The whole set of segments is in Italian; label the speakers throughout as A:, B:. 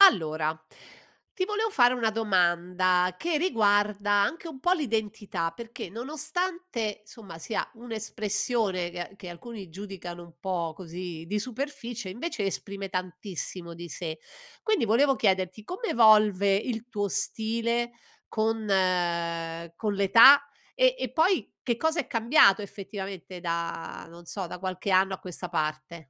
A: Allora, ti volevo fare una domanda che riguarda anche un po' l'identità, perché nonostante somma sia un'espressione che che alcuni giudicano un po' così di superficie, invece esprime tantissimo di sé. Quindi volevo chiederti come evolve il tuo stile con, ehm, con l'età e e poi che cosa è cambiato effettivamente da non so, da qualche anno a questa parte?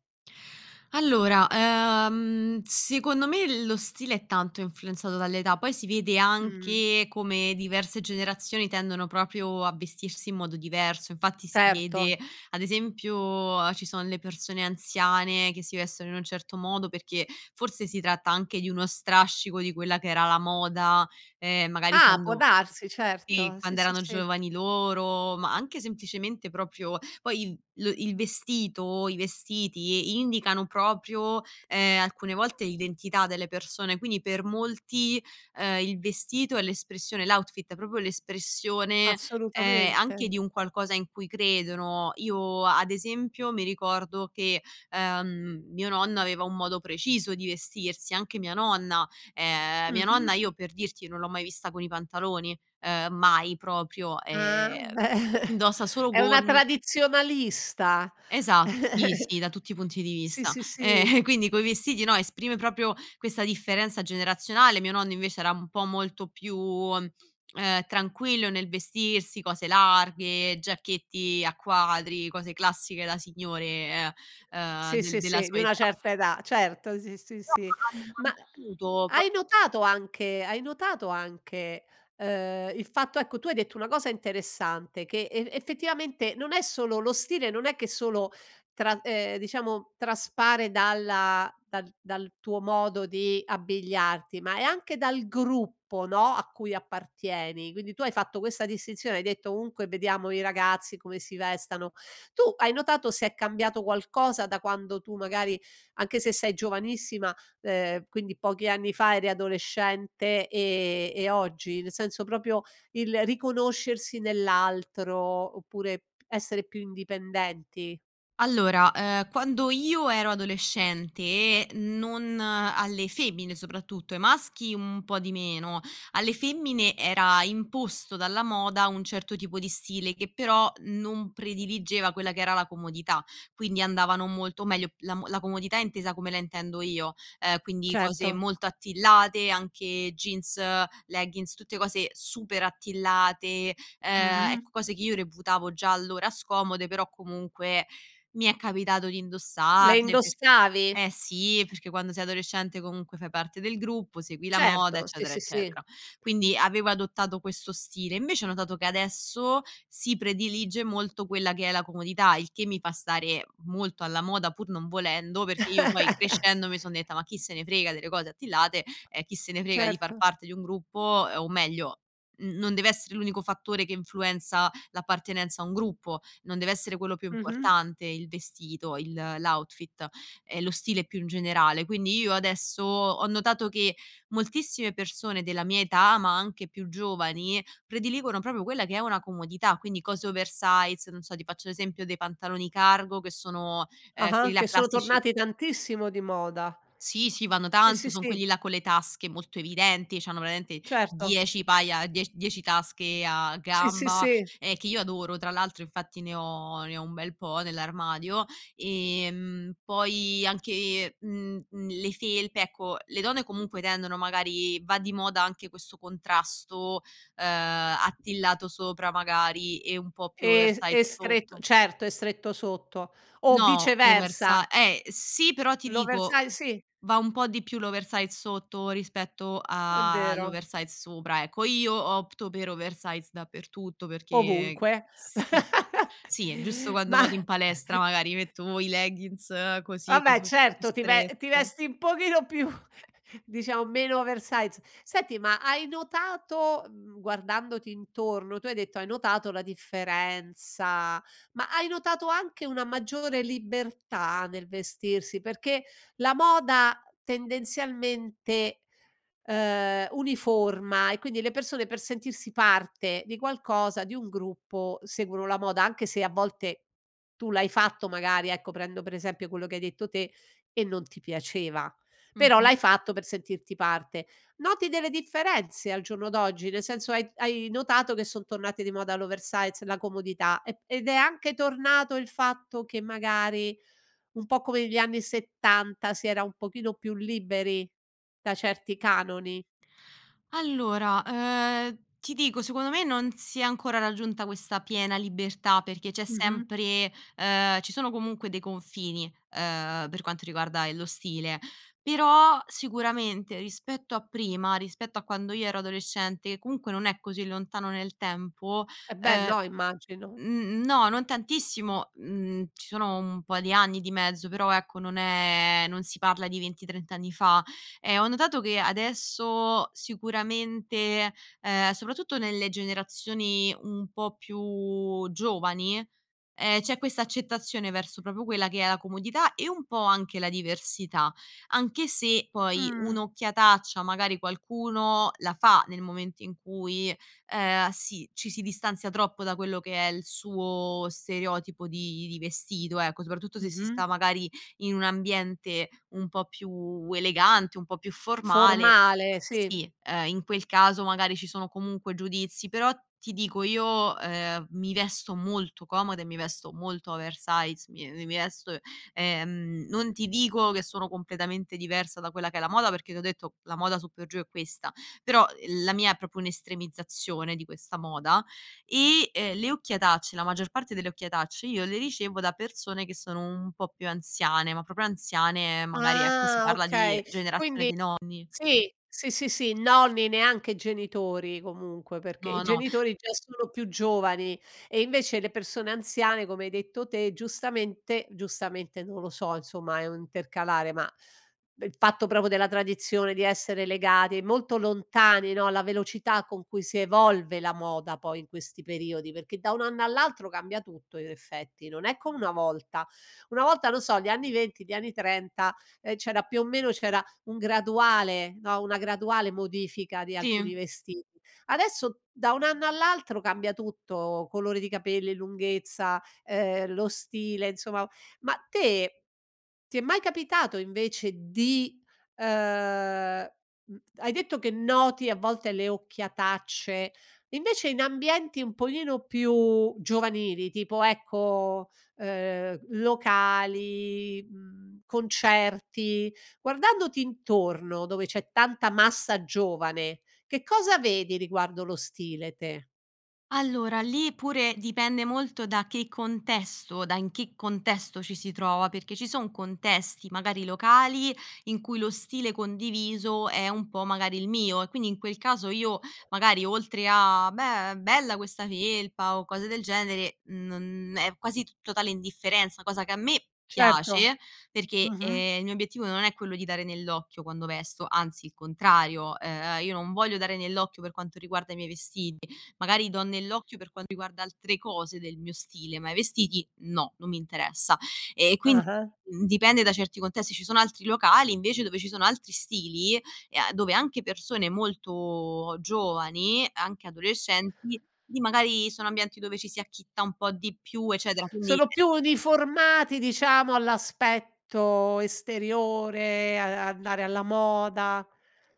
B: Allora, ehm, secondo me lo stile è tanto influenzato dall'età, poi si vede
A: Mh-mh.
B: anche come diverse generazioni tendono proprio a vestirsi in modo diverso. Infatti si vede
A: Certo.
B: ad esempio uhm ci sono le persone anziane che si vestono in un certo modo, perché forse si tratta anche di uno strascico di quella che era la moda, ehm, magari
A: Ah, può
B: quando
A: darsi
B: sì
A: certo, sì,
B: quando
A: sì,
B: erano
A: sì.
B: giovani loro ma anche semplicemente proprio poi il lo il vestito i vestiti, indicano proprio, ehm, alcune volte l'identità delle persone, quindi per molti, ehm, il vestito è l'espressione l'outfit, è proprio l'espressione, ehm, anche
A: Assolutamente.
B: di un qualcosa in cui credono. Io ad esempio mi ricordo che, ehm, mio nonno aveva un modo preciso di vestirsi anche mia nonna. Ehm, mia nonna
A: Mh-mh.
B: io per dirti non l'ho mai vista con i pantaloni, ehm, mai proprio,
A: Ah,
B: ehm,
A: beh
B: indossa solo
A: è una
B: gonne
A: tradizionalista
B: Esatto, sì sì, da tutti i punti di
A: sì,
B: vista.
A: sì, sì.
B: Ehm quindi coi vestiti no, esprime proprio questa differenza generazionale, mio nonno invece era un po' molto più, ehm, tranquillo nel vestirsi, cose larghe, giacchetti a quadri, cose classiche da signore e, ehm,
A: Sì,
B: del
A: sì,
B: della
A: sì, di
B: sua
A: una
B: età.
A: certa età certo sì, sì,
B: Però
A: sì. Ma
B: [unintelligible] piaciuto, proprio
A: hai notato anche hai notato anche, ehm, il fatto ecco tu hai detto una cosa interessante, che e effettivamente non è solo lo stile non è che solo tra ehm diciamo traspare dalla dal dal tuo modo di abbigliarti, ma è anche dal gruppo no, a cui appartieni. Quindi tu hai fatto questa distinzione, hai detto:" Ovunque vediamo i ragazzi come si vestano," tu hai notato se è cambiato qualcosa da quando tu magari anche se sei giovanissima, ehm, quindi pochi anni fa eri adolescente e e oggi? Nel senso proprio il riconoscersi nell'altro oppure essere più indipendenti?
B: Allora, ehm, quando io ero adolescente, non alle femmine soprattutto, ai maschi mhmm un po' di meno, alle femmine era imposto dalla moda un certo tipo di stile che però non prediligeva quella che era la comodità, quindi andavano molto meglio la mo la comodità intesa come la intendo io, ehm, quindi cose
A: Certo.
B: molto attillate anche jeans, leggings tutte cose super attillate, ehm,
A: Mh-mh.
B: ecco cose che io reputavo già allora scomode, però comunque mi è capitato di
A: Le
B: indossarle perché
A: indossavi?
B: eh sì, perché quando sei adolescente comunque fai parte del gruppo segui la moda
A: Certo sì,
B: eccetera,
A: sì, sì
B: eccetera. Quindi avevo adottato questo stile, invece ho notato che adesso si predilige molto quella che è la comodità, il che mi fa stare molto alla moda pur non volendo, perché io poi crescendo mi son detta: "Ma chi se ne frega delle cose attillate, e chi se ne frega di far
A: Certo.
B: parte di un gruppo" ehm o meglio n non deve essere l'unico fattore che influenza l'appartenenza a un gruppo, non deve essere quello più
A: Mh-mh.
B: importante, il vestito, il l'outfit e lo stile più in generale. Quindi io adesso ho notato che moltissime persone della mia età, ma anche più giovani, prediligono proprio quella che è una comodità quindi cose oversize non so ti faccio l'esempio dei pantaloni cargo che sono ehm quelli
A: Ah-ah,
B: là
A: che sono
B: classici
A: tornati tantissimo di moda.
B: Sì, sì vanno
A: Sì,
B: tanto
A: sì,
B: son
A: sì.
B: quelli là con le tasche molto evidenti, c'hanno veramente
A: Certo.
B: 10 paia die 10 tasche a
A: Sì, sì,
B: gamba,
A: sì.
B: ehm, che io adoro tra l'altro infatti ne ho ne ho un bel po' nell'armadio. Ehm, poi anche, mhmm, mhmm, le felpe ecco le donne comunque tendono magari va di moda anche questo contrasto, ehm, attillato sopra magari e un po' più
A: E s e
B: oversize
A: stretto
B: sotto.
A: certo, e stretto sotto, o
B: No oversi
A: viceversa.
B: eh sì però ti
A: L'oversi
B: dico,
A: si.
B: va un po' di più l'oversize sotto rispetto, uhm,
A: È vero.
B: all'oversize sopra ecco. Io opto per oversize dappertutto perché ehm
A: Ovunque
B: sì sì è giusto quando
A: ma
B: vado in palestra magari metto o i leggings così,
A: Vabbè
B: cose un po' più
A: certo, ti ve ti
B: strette.
A: vesti un pochino più diciamo meno oversize, senti ma hai notato, mhmm, guardandoti intorno tu hai detto hai notato la differenza, ma hai notato anche una maggiore libertà nel vestirsi, perché la moda tendenzialmente, ehm, uniforma e quindi le persone per sentirsi parte di qualcosa, di un gruppo seguono la moda anche se a volte tu l'hai fatto magari ecco prendo per esempio quello che hai detto te e non ti piaceva, però
B: Mh-mh.
A: l'hai fatto per sentirti parte. Noti delle differenze al giorno d'oggi? Nel senso hai hai notato che son tornate di moda l'oversize, la comodità e ed è anche tornato il fatto che magari un po' come negli anni 70 si era un pochino più liberi da certi canoni?
B: Allora, ehm, ti dico, secondo me non si è ancora raggiunta questa piena libertà, perché c'è
A: Mh-mh.
B: sempre ehm ci sono comunque dei confini, ehm, per quanto riguarda, ehm, lo stile. Però sicuramente rispetto a prima, rispetto a quando io ero adolescente che comunque non è così lontano nel tempo,
A: E beh
B: ehm
A: no immagino.
B: n n no non tantissimo, mhmm ci sono un po' di anni di mezzo però ecco non è non si parla di 20 trent'anni fa, ehm, ho notato che adesso sicuramente ehm soprattutto nelle generazioni un po' più giovani, ehm, c'è questa accettazione verso proprio quella che è la comodità e un po' anche la diversità anche se, poi
A: Mh.
B: un'occhiataccia magari qualcuno la fa nel momento in cui ehm, sì ci si distanzia troppo da quello che è il suo stereotipo di di vestito ecco soprattutto se si 'sta
A: Mh-mh.
B: magari in un ambiente un po' più elegante, un po' più formale
A: Formale, sì.
B: sì, ehm, in quel caso magari ci sono comunque giudizi, però ti dico io, ehm, mi vesto molto comoda e mi vesto molto oversize mi ehm mi vesto ehm non ti dico che sono completamente diversa da quella che è la moda, perché t'ho detto la moda su per giù è questa, però la mia è proprio un'estremizzazione di questa moda e, ehm, le occhiatacce la maggior parte delle occhiatacce io le ricevo da persone che sono un po' più anziane, ma proprio anziane, ehm, magari ecco si
A: Ah
B: parla di
A: okay.
B: generazione
A: Quindi
B: di nonni.
A: sì sì, sì, sì, nonni neanche genitori comunque, perché i
B: No, no.
A: genitori già sono più giovani e invece le persone anziane come hai detto te giustamente, giustamente non lo so insomma, è un intercalare ma, beh, il fatto proprio della tradizione di essere legati molto lontani no, alla velocità con cui si evolve la moda poi in questi periodi perché da un anno all'altro cambia tutto in effetti, non è come una volta, una volta lo so gli anni 20 gli anni 30 ehm, c'era più o meno c'era un graduale no, una graduale modifica di alcuni
B: Sì.
A: vestiti, adesso da un anno all'altro cambia tutto: colore di capelli, lunghezza, ehm, lo stile insomma ma te ti è mai capitato invece di ehm, mh, hai detto che noti a volte le occhiatacce, invece in ambienti un pochino più giovanili tipo ecco, ehm, locali, mhmm, concerti guardandoti intorno, dove c'è tanta massa giovane che cosa vedi riguardo lo stile te?
B: Allora, lì pure dipende molto da che contesto, da in che contesto ci si trova, perché ci son contesti, magari, locali, in cui lo stile condiviso è un po' magari il mio, e quindi in quel caso io magari oltre a: "Beh, bella questa felpa" o cose del genere non è quasi t totale indifferenza, cosa che a me
A: Certo.
B: piace perché,
A: Mh-mh.
B: ehm, il mio obiettivo non è quello di dare nell'occhio quando vesto, anzi il contrario, ehm, io non voglio dare nell'occhio per quanto riguarda i miei vestiti. Magari do nell'occhio per quanto riguarda altre cose del mio stile, ma i vestiti no, non mi interessa. E quin
A: Ah-ah.
B: dipende da certi contesti, ci sono altri locali invece dove ci sono altri stili, e a dove anche persone molto giovani, anche adolescenti, lì magari sono ambienti dove ci si acchitta un po' di più, eccetera, quindi
A: Sono più uniformati diciamo all'aspetto esteriore, a a
B: Sì.
A: andare alla moda.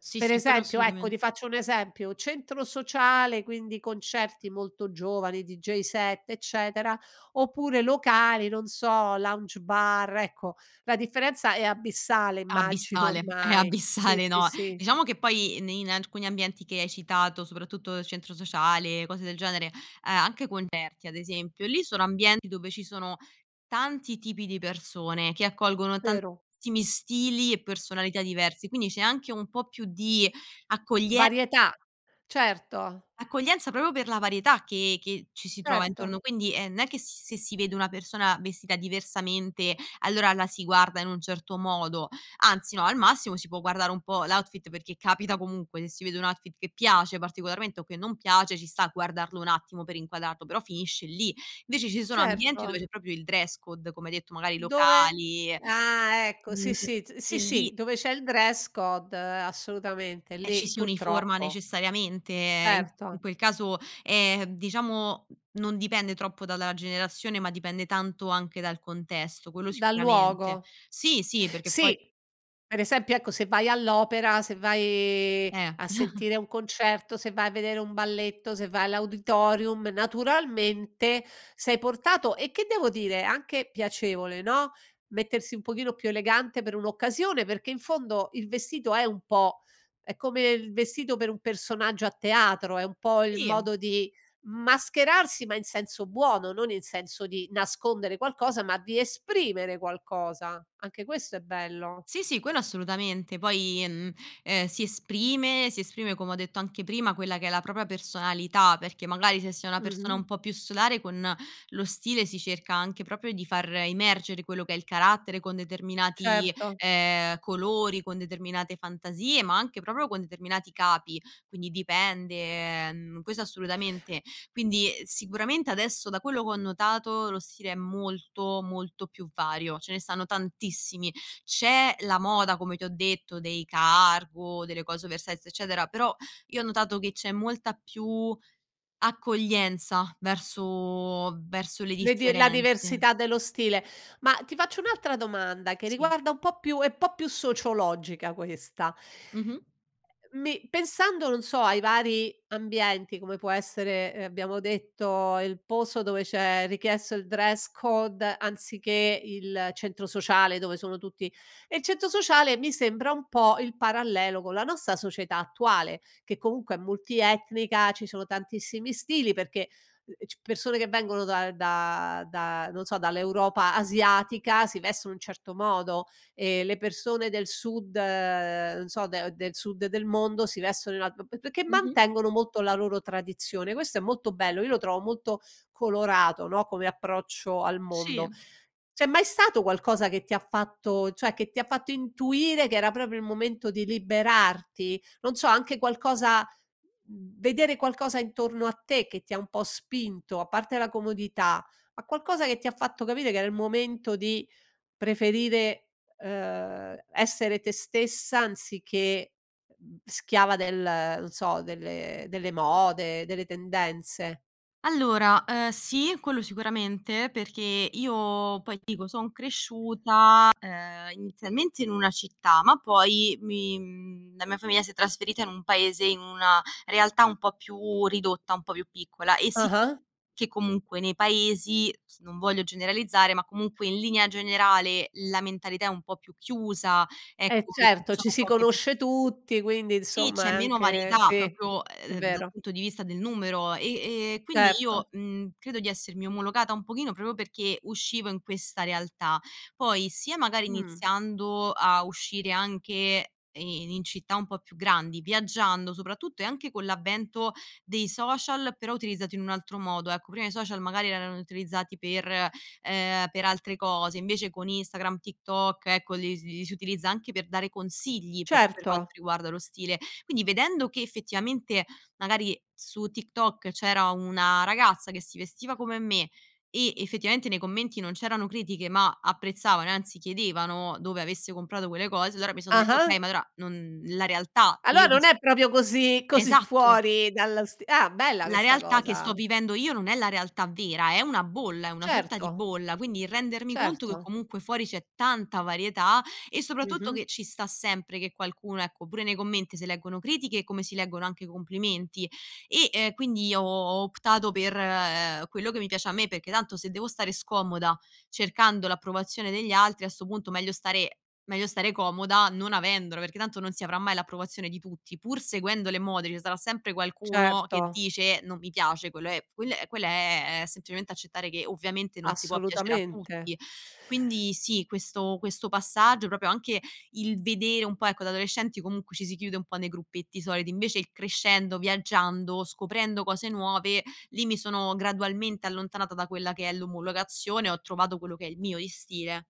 B: Sì,
A: Per
B: sì, quello
A: esempio, ecco,
B: assolutament
A: ti faccio un esempio, centro sociale, quindi, concerti molto giovani, DJ set, eccetera, oppure locali, non so, lounge bar, ecco. La differenza è abissale, immagino,
B: Abissale, è
A: ormai. Sì,
B: abissale,
A: sì,
B: no.
A: sì.
B: Diciamo che poi ne in alcuni ambienti che hai citato, soprattutto il centro sociale, cose del genere, uhm, anche concerti ad esempio, lì sono ambienti dove ci sono tanti tipi di persone che accolgono
A: Vero.
B: tantissimi stili e personalità diversi. Quindi c'è anche un po' più di accoglie
A: Varietà, certo.
B: accoglienza proprio per la varietà che che ci si trova
A: Certo.
B: intorno, quindi è non è che si se si vede una persona vestita diversamente, allora la si guarda in un certo modo, anzi no, al massimo si può guardare un po' l'outfit, perché capita comunque se si vede un outfit che piace particolarmente o che non piace, ci sta guardarlo un attimo per inquadrarlo, però finisce lì. Invece ci sono ambienti dove
A: Certo.
B: c'è proprio il dress code, come hai detto, magari
A: Dove
B: locali,
A: ah, ecco!
B: mhmm,
A: Sì, sì t
B: e
A: sì,
B: lì
A: sì dove c'è il dress code, assolutamente,
B: eh ci
A: lì
B: si uniforma
A: purtroppo.
B: necessariamente, ehm, in-in
A: Certo.
B: quel caso, è, diciamo non dipende troppo dalla generazione, ma dipende tanto anche dal contesto, quello
A: Dal
B: sicuramente.
A: luogo.
B: Sì, sì perché poi
A: Sì, per esempio, ecco, se vai all'opera, se vai
B: Eh.
A: a sentire un concerto, se vai a vedere un balletto, se vai all'auditorium, naturalmente, sei portato e che devo dire, è anche piacevole, no, mettersi un pochino più elegante per un'occasione, perché in fondo il vestito è un po' è come il vestito per un personaggio a teatro, è un po' il
B: Sì.
A: modo di mascherarsi ma in senso buono, non in senso di nascondere qualcosa, ma di esprimere qualcosa, anche questo è bello.
B: Sì, sì quello assolutamente poi, mhmm, ehm, si esprime, si esprime, come ho detto anche prima, quella che è la propria personalità, perché magari se sei una persona un
A: Mh-mh.
B: po' più solare, con lo stile si cerca anche proprio di far emergere quello che è il carattere, con determinati,
A: Certo.
B: ehm, colori, con determinate fantasie, ma anche proprio con determinati capi, quindi dipende, mhmm, questo assolutamente. Quindi, uhm, sicuramente adesso da quello che ho notato, lo stile è molto, molto più vario, ce ne stanno tantissimi. C'è la moda come ti ho detto dei cargo, delle cose oversize, eccetera, però io ho notato che c'è molta più accoglienza verso, verso le
A: Le di la
B: differenze.
A: diversità dello stile. Ma, ti faccio un'altra domanda, che
B: Sì.
A: riguarda un po' più è po' più sociologica questa.
B: Mh-mh.
A: Ehm, mi pensando, non so, ai vari ambienti come può essere, ehm, abbiamo detto il posto dove c'è richiesto il dress code, anziché il centro sociale, dove sono tutti e il centro sociale mi sembra un po' il parallelo con la nostra società attuale, che comunque è multietnica, ci sono tantissimi stili perché, ehm, c persone che vengono da da da non so, dall'Europa asiatica si vestono in un certo modo, e le persone del Sud, non so, de del Sud del mondo, si vestono in un alt p p perché
B: Mh-mh.
A: mantengono molto la loro tradizione. Questo è molto bello. Io lo trovo molto colorato, no, come approccio al
B: Sì.
A: mondo. C'è mai stato qualcosa che ti ha fatto cioè che ti ha fatto intuire che era proprio il momento di liberarti? Non so, anche qualcosa, v vedere qualcosa intorno a te che ti ha un po' spinto, a parte la comodità, ma qualcosa che ti ha fatto capire che era il momento di preferire, ehm, essere te stessa anziché, mhmm, schiava del, non so, delle delle mode, delle tendenze.
B: Allora, ehm, sì, quello sicuramente, perché io poi ti dico, son cresciuta, ehm, inizialmente in una città, ma poi mi, mhmm, la mia famiglia si è trasferita in un paese, in una realtà un po' più ridotta, un po' più piccola e si
A: Ah-ah.
B: che comunque nei paesi s non voglio generalizzare, ma comunque in linea generale la mentalità è un po' più chiusa,
A: Eh,
B: ecco, perché ci
A: certo, ci
B: sono
A: si
B: poche pers
A: conosce tutti, quindi
B: sì,
A: insomma
B: c'è
A: è
B: meno
A: anche
B: varietà
A: sì,
B: proprio,
A: è
B: ehm, dal
A: vero.
B: punto di vista del numero, e e quindi io,
A: Certo.
B: mhmm, credo di essermi omologata un pochino proprio perché uscivo in questa realtà. Poi, sia magari
A: Mh.
B: iniziando a uscire anche, ehm, in in città un po' più grandi, viaggiando soprattutto e anche con l'avvento dei social, però utilizzati in un altro modo, ecco prima i social magari erano utilizzati per, ehm, per altre cose, invece con Instagram, TikTok, ecco, li s li si utilizza anche per dare consigli proprio per quanto
A: Certo.
B: riguarda lo stile. Quindi vedendo che, effettivamente, magari su TikTok c'era una ragazza che si vestiva come me e, effettivamente, nei commenti non c'erano critiche ma apprezzavano e anzi chiedevano dove avesse comprato quelle cose, allora mi son detta: "Okay,
A: Ah-ah.
B: ma allora, non la realtà che io
A: Allora
B: ho
A: non
B: vis"
A: è proprio così, così
B: Esatto!
A: fuori dallo sti ah, bella
B: La
A: questa
B: realtà che sto
A: cosa.
B: vivendo io non è la realtà vera, è una bolla, è una sorta di
A: Certo.
B: bolla. Quindi, rendermi conto che
A: Certo.
B: comunque fuori c'è tanta varietà, e soprattutto
A: Mh-mh.
B: che ci sta sempre che qualcuno, ecco, pure nei commenti se leggono critiche, come si leggono anche i complimenti, e, ehm, quindi ho ho optato per, ehm, quello che mi piace a me, perché tanto se devo stare scomoda, cercando l'approvazione degli altri a 'sto punto meglio stare meglio stare comoda non avendola, perché tanto non si avrà mai l'approvazione di tutti. Pur seguendo le mode, ce sarà sempre qualcuno che
A: Certo.
B: dice: "Non mi piace" quello è quel quello è è semplicemente accettare che, ovviamente, non si può piacere a
A: Assolutamente.
B: tutti. Quindi, sì, questo questo passaggio, proprio anche il vedere un po', ecco da adolescenti comunque ci si chiude un po' nei gruppetti soliti, invece il crescendo, viaggiando, scoprendo cose nuove, lì mi sono gradualmente allontanata da quella che è l'omologazione, ho trovato quello che è il mio di stile.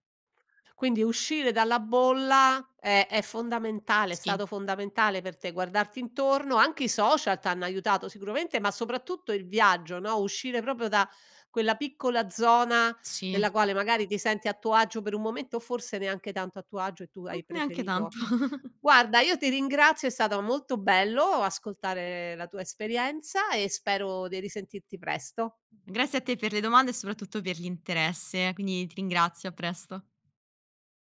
A: Quindi uscire dalla bolla è è fondamentale, è
B: Sì.
A: stato fondamentale per te, guardarti intorno, anche i social t'hanno aiutato sicuramente, ma soprattutto il viaggio, no, uscire proprio da quella piccola zona,
B: Sì.
A: nella quale magari ti senti a tuo agio per un momento, o forse neanche tanto a tuo agio, e tu
B: Mh,
A: hai
B: neanche
A: preferito
B: tanto.
A: guarda io ti ringrazio, è stata molto bello ascoltare la tua esperienza e spero di risentirti presto.
B: Grazie a te per le domande e soprattutto per l'interesse, quindi ti ringrazio, a presto.